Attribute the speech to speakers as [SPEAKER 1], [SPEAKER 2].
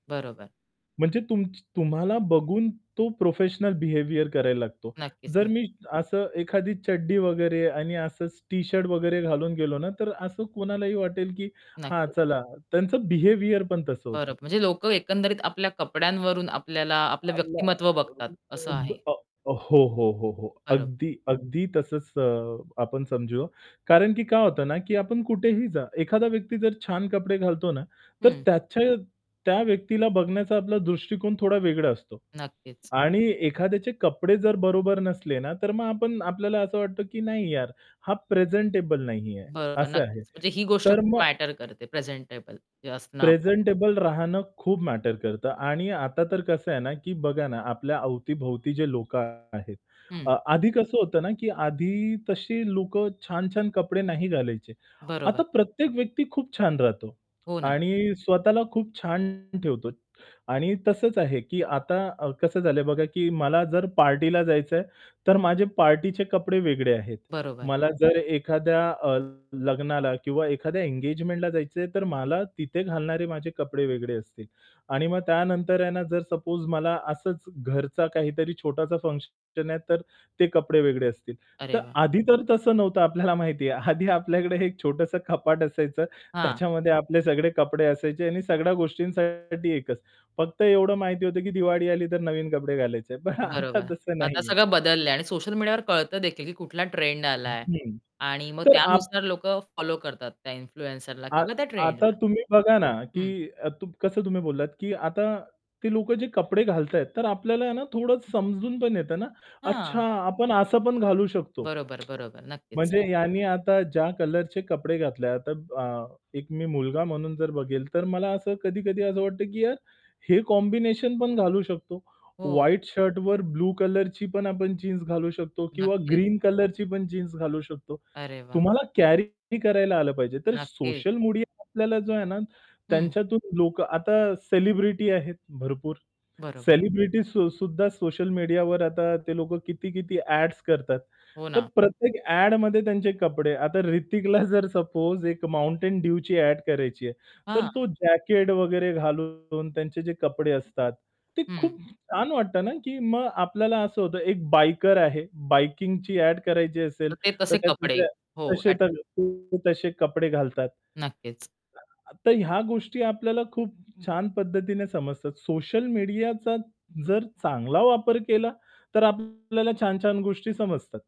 [SPEAKER 1] बरोबर.
[SPEAKER 2] म्हणजे तुमची तुम्हाला बघून तो प्रोफेशनल बिहेवियर करायला लागतो.
[SPEAKER 1] नक्कीच,
[SPEAKER 2] जर
[SPEAKER 1] नक्की.
[SPEAKER 2] मी असं एखादी चड्डी वगैरे आणि असचं टी-शर्ट वगैरे घालून गेलो ना, तर असं कोणालाही वाटेल की "हां,
[SPEAKER 1] नक्कीच.
[SPEAKER 2] चला," त्यांचं बिहेवियर पण तसं
[SPEAKER 1] बरं.
[SPEAKER 2] होतं.
[SPEAKER 1] म्हणजे लोक एकंदरीत आपल्या कपड्यांवरून आपल्याला आपलं व्यक्तिमत्व बघतात. असं आहे.
[SPEAKER 2] [unintelligible] अ, हो, हो, हो, हो,
[SPEAKER 1] बरो
[SPEAKER 2] अगदी. अगदी तसंच अ, आपण समजू. कारण की काय होतं ना की आपण कुठेही जा, एखादा व्यक्ती जर छान कपडे घालतो ना, तर
[SPEAKER 1] हं.
[SPEAKER 2] त्याच्या त्या व्यक्तीला बघण्याचा आपला दृष्टिकोन थोडा वेगळा असतो.
[SPEAKER 1] नक्कीच.
[SPEAKER 2] आणि एखाद्याचे कपडे जर बरोबर नसले ना, तर मग आपण आपल्याला असं वाटतं की, "नाही यार, हा प्रेझेंटेबल नाहीये."
[SPEAKER 1] बरोबर,
[SPEAKER 2] असं आहे.
[SPEAKER 1] नक्कीच. म्हणजे ही गोष्ट
[SPEAKER 2] तर
[SPEAKER 1] खूप
[SPEAKER 2] मग
[SPEAKER 1] मॅटर करते प्रेझेंटेबल जे असणं आपलं.
[SPEAKER 2] प्रेझेंटेबल राहणं खूप मॅटर करतं. आणि आता तर कसं आहे ना की बघा ना, आपल्या अवती-भवती जे लोकं आहेत
[SPEAKER 1] हं.
[SPEAKER 2] अ, आधी कसं होतं ना, की आधी तशी लोक छान-छान कपडे नाही घालायचे.
[SPEAKER 1] बरोबर.
[SPEAKER 2] आता प्रत्येक व्यक्ती खूप छान राहतो
[SPEAKER 1] हो ना.
[SPEAKER 2] आणि स्वतःला खूप छान ठेवतो आणि तसंच आहे, की आता अ, कसं झालंय बघा की मला जर पार्टीला जायचं आहे, तर माझे पार्टीचे कपडे वेगळे आहेत.
[SPEAKER 1] बरोबर.
[SPEAKER 2] मला जर एखाद्या अ, लग्नाला किंवा एखाद्या एंगेजमेंटला जायचं आहे, तर मला तिथे घालणारे माझे कपडे वेगळे असतील आणि मग त्यानंतर आहे ना, जर सपोज मला असंच घरचा काहीतरी छोटाचा फंक्शन आहे, तर ते कपडे वेगळे असतील.
[SPEAKER 1] अरे
[SPEAKER 2] तर
[SPEAKER 1] वाह!
[SPEAKER 2] आधी तर तसं नव्हतं आपल्याला माहिती आहे. आधी आपल्याकडे एक छोटंसं कपाट असायचं,
[SPEAKER 1] हां.
[SPEAKER 2] त्याच्यामध्ये आपले सगळे कपडे असायचे. आणि सगळ्या गोष्टींसाठी एकच, फक्त एवढं माहिती होतं की दिवाळी आली, तर नवीन कपडे घालायचे. पण आता
[SPEAKER 1] बरोबर.
[SPEAKER 2] तसं
[SPEAKER 1] आता
[SPEAKER 2] नाहीये.
[SPEAKER 1] सगळं बदललंय आणि सोशल मीडियावर कळत देखील की कुठला ट्रेंड आलाय.
[SPEAKER 2] हं.
[SPEAKER 1] आणि मग
[SPEAKER 2] तर आप
[SPEAKER 1] त्यानुसार लोक फॉलो करतात त्या इन्फ्लुएन्सरला
[SPEAKER 2] आ
[SPEAKER 1] किंवा त्या
[SPEAKER 2] आता
[SPEAKER 1] ट्रेंडला.
[SPEAKER 2] तुम्ही बघा ना की
[SPEAKER 1] हं.
[SPEAKER 2] अ, तु कसं तुम्ही बोललात, की आता ते लोक जे कपडे घालताहेत, तर आपल्याला आहे ना, थोडं समजून पण येतं ना, "अच्छा,
[SPEAKER 1] हां.
[SPEAKER 2] आपण असं पण घालू शकतो."
[SPEAKER 1] बरोबर, बरोबर. नक्कीच.
[SPEAKER 2] म्हणजे ह्यांनी आता ज्या कलरचे कपडे घातले आहे. आता ब अ, एक मी मुलगा म्हणून जर बघेल, तर मला असं कधी-कधी असं वाटतं की "यार, हे कॉम्बिनेशन पण घालू शकतो,
[SPEAKER 1] हो.
[SPEAKER 2] व्हाईट शर्टवर ब्लू कलरची पण आपण जीन्स घालू शकतो किंवा
[SPEAKER 1] नक्कीच.
[SPEAKER 2] ग्रीन कलरची पण जीन्स घालू शकतो."
[SPEAKER 1] अरे वाह!
[SPEAKER 2] तुम्हाला कॅरी करायला आलं पाहिजे. तर
[SPEAKER 1] नक्की.
[SPEAKER 2] सोशल मीडिया आपल्याला जो आहे ना,
[SPEAKER 1] हं.
[SPEAKER 2] त्यांच्यातून लोक आता सेलिब्रिटी आहेत भरपूर.
[SPEAKER 1] बरोबर.
[SPEAKER 2] सेलिब्रिटी सु सुद्धा सोशल मीडियावर आता ते लोक किती-किती ॲड्स करतात.
[SPEAKER 1] हो
[SPEAKER 2] तर
[SPEAKER 1] ना.
[SPEAKER 2] प्रत्येक ॲडमध्ये त्यांचे कपडे आता हृतिकला जर सपोज एक Mountain Dewची ॲड करायची आहे. तर
[SPEAKER 1] हां.
[SPEAKER 2] तो जॅकेट वगैरे घालून त्यांचे जे कपडे असतात, ते
[SPEAKER 1] हं.
[SPEAKER 2] खूप छान वाटतं ना, की मग आपल्याला असं होतं एक बायकर आहे बाइकिंगची ॲड करायची असेल,
[SPEAKER 1] तर ते
[SPEAKER 2] तर
[SPEAKER 1] तसे
[SPEAKER 2] त्याचे
[SPEAKER 1] कपडे.
[SPEAKER 2] ते
[SPEAKER 1] हो,
[SPEAKER 2] तसे
[SPEAKER 1] ॲट
[SPEAKER 2] तर ते तसे कपडे घालतात.
[SPEAKER 1] नक्कीच.
[SPEAKER 2] तर ह्या गोष्टी आपल्याला खूप छान पद्धतीने समजतात. सोशल मीडियाचा जर चांगला वापर केला, तर आपल्याला छान-छान गोष्टी समजतात.